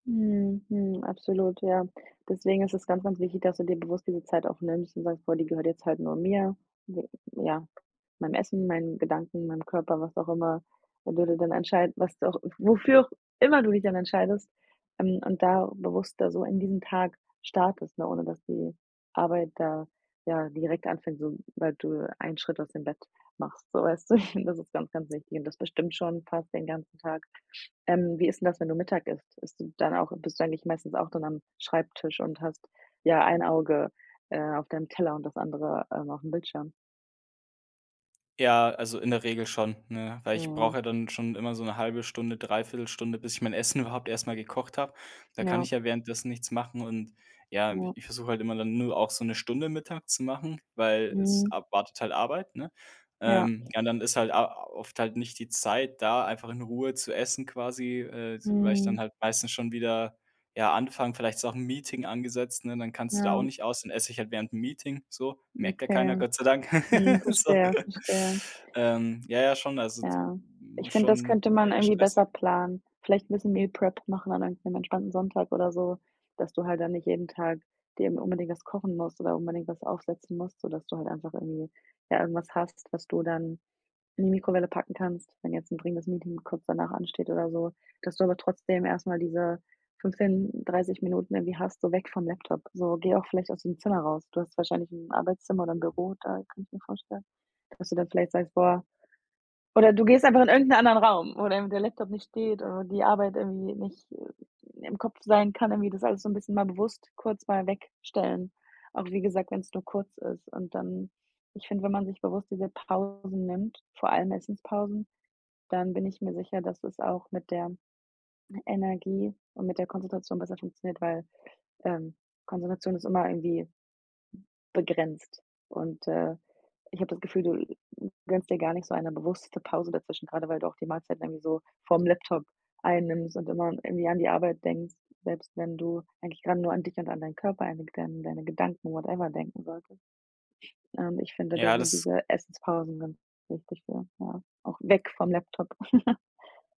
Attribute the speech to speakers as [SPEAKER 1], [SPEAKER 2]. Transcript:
[SPEAKER 1] Mhm. Mhm. Absolut, ja. Deswegen ist es ganz, ganz wichtig, dass du dir bewusst diese Zeit auch nimmst und sagst: „Boah, die gehört jetzt halt nur mir, ne, ja, meinem Essen, meinen Gedanken, meinem Körper“, was auch immer. Wo du dir dann entscheiden, was wofür auch immer du dich dann entscheidest, ähm, und da bewusster so in diesen Tag startest, ne, ohne dass die Arbeit da, ja, direkt anfängt, sobald du einen Schritt aus dem Bett machst. So, weißt du, das ist ganz, ganz wichtig und das bestimmt schon fast den ganzen Tag. Ähm, wie ist denn das, wenn du Mittag isst? Isst du dann auch bist du eigentlich meistens auch dann am Schreibtisch und hast, ja, ein Auge, äh, auf deinem Teller und das andere, ähm, aufm Bildschirm?
[SPEAKER 2] Ja, also in der Regel schon, ne, weil ich brauch
[SPEAKER 1] Mhm.
[SPEAKER 2] ja dann schon immer so 'ne 1/2 Stunde, 3/4 Stunde, bis ich mein Essen überhaupt erst mal gekocht habe. Da kann
[SPEAKER 1] Ja.
[SPEAKER 2] ich ja währenddessen nichts machen und ja, i
[SPEAKER 1] Ja.
[SPEAKER 2] ich versuche halt immer dann nur auch so 'ne Stunde Mittag zu machen, weil es
[SPEAKER 1] Mhm.
[SPEAKER 2] ab wartet halt Arbeit, ne?
[SPEAKER 1] Ja.
[SPEAKER 2] Ähm, ja, und dann ist halt a oft halt nicht die Zeit da, einfach in Ruhe zu essen quasi, äh, s weil ich dann
[SPEAKER 1] Mhm.
[SPEAKER 2] halt meistens schon wieder ja, anfangen vielleicht ist auch 'n Meeting angesetzt, ne, dann kannst du da auch
[SPEAKER 1] Ja.
[SPEAKER 2] nicht aus. Dann esse ich halt während 'm Meeting, so. Merkt ja keiner,
[SPEAKER 1] Okay.
[SPEAKER 2] Gott sei Dank.
[SPEAKER 1] Mhm.
[SPEAKER 2] So,
[SPEAKER 1] Verstehe, verstehe.
[SPEAKER 2] ähm, ja, ja, schon, also d
[SPEAKER 1] Ja. Ich find, das
[SPEAKER 2] schon
[SPEAKER 1] könnte man
[SPEAKER 2] eher
[SPEAKER 1] irgendwie
[SPEAKER 2] stressig.
[SPEAKER 1] besser planen. Vielleicht 'n bisschen Meal Prep machen an einem am entspannten Sonntag oder so, dass du halt dann nicht jeden Tag dir immer unbedingt was kochen musst oder unbedingt was aufsetzen musst, sodass du halt einfach irgendwie äh, irgendwas hast, was du dann in die Mikrowelle packen kannst, wenn jetzt 'n dringendes Meeting kurz danach ansteht oder so. Dass du aber trotzdem erst mal diese 15, 30 Minuten irgendwie hast, so weg vom Laptop. So, geh auch vielleicht aus dem Zimmer raus. Du hast wahrscheinlich 'n Arbeitszimmer oder 'n Büro da, kann ich mir vorstellen, dass du dann vielleicht sagst: „Boah“. Oder du gehst einfach in irgend 'nen anderen Raum, wo dann der Laptop nicht steht oder die Arbeit irgendwie nicht im Kopf sein kann, irgendwie das alles so 'n bisschen mal bewusst kurz mal wegstellen. Auch wie gesagt, wenn's nur kurz ist und dann ich finde, wenn man sich bewusst diese Pausen nimmt, vor allem Essenspausen, dann bin ich mir sicher, dass es auch mit der Energie und mit der Konzentration besser funktioniert, weil, ähm, Konzentration ist immer irgendwie begrenzt und, äh, ich habe das Gefühl, du gönnst dir gar nicht so eine bewusste Pause dazwischen, gerade weil du auch die Mahlzeit irgendwie so vorm Laptop einnimmst und immer irgendwie an die Arbeit denkst, selbst wenn du eigentlich gerade nur an dich und an deinen Körper, an deine Gedan an deine Gedanken, whatever, denken solltest. Ähm, ich finde, da
[SPEAKER 2] Ja,
[SPEAKER 1] sind
[SPEAKER 2] das
[SPEAKER 1] diese Essenspausen ganz wichtig für. Ja, auch weg vom Laptop.